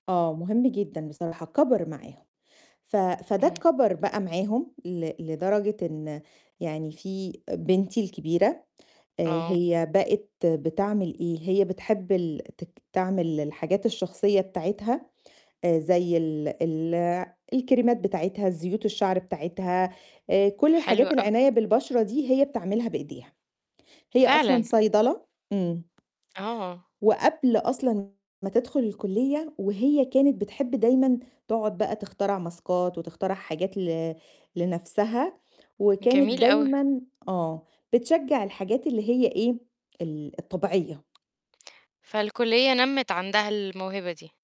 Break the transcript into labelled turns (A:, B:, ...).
A: آه، مهم جدًا بصراحة، كبر معاهم. ف فده
B: اهم.
A: كَبَر بقى معاهم ل لدرجة إن يعني في بنتي الكبيرة، آآ
B: آه.
A: هي بقت بتعمل إيه؟ هي بتحب ال تك تعمل الحاجات الشخصية بتاعتها، آآ زَي ال ال الكريمات بتاعتها، الزيوت الشعر بتاعتها، آآ كلّ
B: حلو،
A: الحاجات
B: آه.
A: العناية بالبشرة دي، هي بتعملها بإيديها. هي أصلًا
B: فعلًا.
A: صيدلة إمم.
B: آه.
A: وقبل أصلًا ما تدخُل الكُلّية، وهي كانت بتحب دايمًا تقعُد بقى تخترع ماسكات وتخترع حاجات ل لنفسها، وكانت
B: جميل أوي.
A: دايمًا آه، بتشجّع الحاجات اللي هي إيه؟ ال الطبيعية.
B: فالكُلّية نَمِّت عندها الموهبة دي.